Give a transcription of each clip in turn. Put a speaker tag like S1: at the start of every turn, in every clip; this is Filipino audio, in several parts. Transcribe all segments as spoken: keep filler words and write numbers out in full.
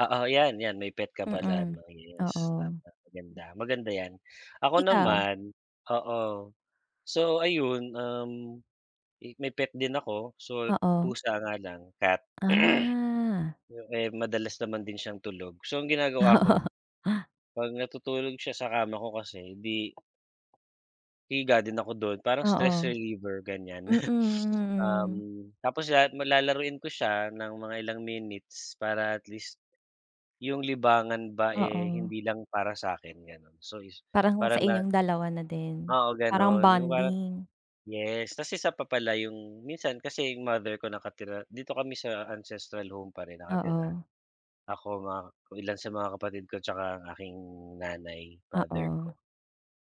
S1: Oo, yan yan, may pet ka pala
S2: Mm,
S1: no, iyos, tama
S2: oo.
S1: ganda, maganda yan. Ako
S2: Ikaw?
S1: naman, oo, so ayun, um, i may pet din ako. So,
S2: Oo.
S1: pusa nga lang cat.
S2: Ah.
S1: Yun eh, madalas naman din siyang tulog. So, ang ginagawa ko, 'pag natutulog siya sa kama ko kasi, di hihiga din ako dun, parang
S2: Oo,
S1: stress reliever, ganyan.
S2: mm, mm.
S1: Um, tapos lahat ma lalaruin ko siya ng mga ilang minutes para at least. Yung libangan ba eh,
S2: Oo.
S1: hindi lang para sa'kin, ganun. So is,
S2: Parang sa
S1: parang na
S2: inyong dalawa na din.
S1: Oo,
S2: Parang
S1: ganun. Yung parang
S2: bonding.
S1: yes. Tas isa pa pala yung minsan kasi yung mother ko nakatira dito kami sa ancestral home pa rin nakatira.
S2: Oo.
S1: Ako, mga ilan sa mga kapatid ko, tsaka ang aking nanay, father ko.
S2: Oo.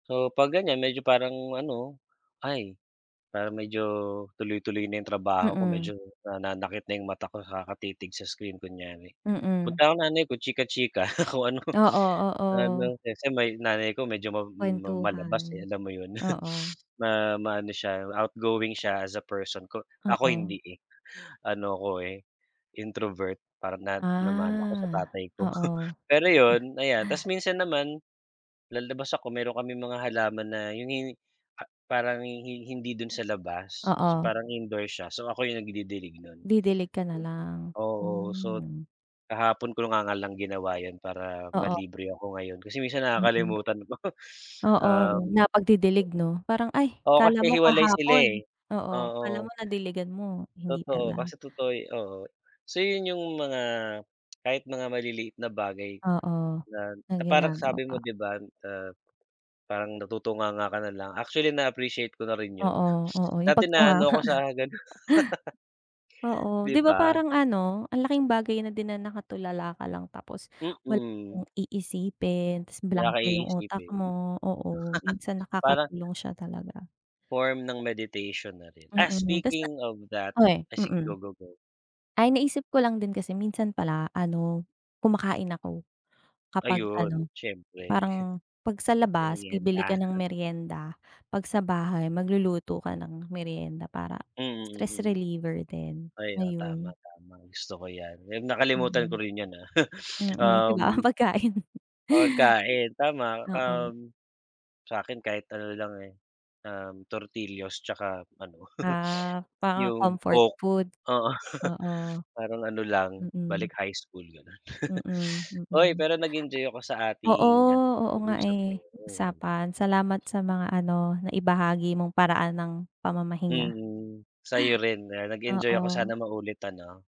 S1: So pag ganyan medyo parang ano. Ay, parang medyo tuloy-tuloy na yung trabaho ko,
S2: Mm.
S1: medyo nananakit na yung mata ko kakatitig sa screen, kunyari.
S2: Mm.
S1: Punta akong nanay ko chika-chika kung ano
S2: Oo,
S1: ano
S2: oo.
S1: kasi may nanay ko medyo mab ma malabas
S2: Kwentuhan,
S1: eh, alam mo yun?
S2: oo.
S1: Ma maano siya outgoing siya as a person ko, ako
S2: Oo.
S1: hindi eh. Ano ko eh, introvert parang nad namana ko sa
S2: Ah,
S1: tatay ko.
S2: oo.
S1: Pero yun, ayan, tas minsan naman, lalabas ako meron kaming mga halaman na yun yung pa parang hi-hin hindi dun sa labas.
S2: Oo.
S1: Parang indoor siya, so ako yung nagdidilig nun.
S2: Didilig ka na lang,
S1: Oo, sot
S2: mm.
S1: kahapon ko nga nga lang ginawa yun, para
S2: Oo.
S1: ma-libre ako ngayon kasi minsan
S2: Mm.
S1: nakakalimutan ko.
S2: Oo yun,
S1: Um
S2: na pagdidilig, no? Parang ay,
S1: Oo, kasi
S2: kala mo
S1: hiwalay sila,
S2: kahapon,
S1: eh,
S2: oo, kala mo
S1: oo.
S2: nadiligan mo, hindi
S1: Totoo,
S2: pala.
S1: kasi totoo yo oo. So yun yung mga kahit mga maliliit na bagay.
S2: Oo,
S1: Na
S2: na
S1: na parang sabi mo,
S2: ginagawa.
S1: di ba ah, parang na tutunganga ka na lang, actually, na-appreciate ko na rin yun.
S2: Oo, oo yung
S1: Dati,
S2: pagtunganga
S1: naano ako sa ganon.
S2: Oo,
S1: 'Di
S2: 'di ba
S1: ba?
S2: parang ano ang laking bagay na din na nakatulala ka lang, tapos wala
S1: Mm.
S2: kang iisipin, tas
S1: Wala ka
S2: blanko yung utak
S1: iisipin.
S2: mo. Oo, minsan
S1: Parang
S2: nakakatulong siya talaga.
S1: form ng meditation na rin. Ah,
S2: Mm, tas na
S1: speaking of that,
S2: o eh,
S1: ah, si go,
S2: mm.
S1: go, go.
S2: Ay, naisip ko lang din kasi minsan pala, ano, kumakain ako. Kapag
S1: Ayun,
S2: ano,
S1: siyempre.
S2: parang 'pag sa labas bibili
S1: Meryenda.
S2: ka ng meryenda. 'Pag sa bahay, magluluto ka ng meryenda para
S1: Mm,
S2: stress
S1: mm.
S2: reliever din,
S1: Ay, oo, tama
S2: ayun.
S1: tama, gusto ko yan, ayun, nakalimutan ko
S2: Mm.
S1: rin yan, ah.
S2: Mhm, di ba, ang
S1: Um
S2: pagkain.
S1: Pagkain tama.
S2: Oo.
S1: Um, sa'kin kahit ano lang, eh, um, tortillos tsaka ano
S2: Ah, parang
S1: yung
S2: comfort
S1: coke,
S2: food?
S1: oo.
S2: oo.
S1: Parang ano lang,
S2: Mm.
S1: balik high school ganun.
S2: Mm,
S1: Oy,
S2: mm.
S1: pero nag enjoy ako sa
S2: Oo,
S1: ating ano,
S2: oo nga
S1: pag-uusap
S2: eh,
S1: ngayon.
S2: usapan salamat sa mga ano naibahagi mong paraan ng pamamahinga.
S1: Mm, sa'yo rin, ah, nag-enjoy ako. Sana
S2: Oo.
S1: maulit, ano?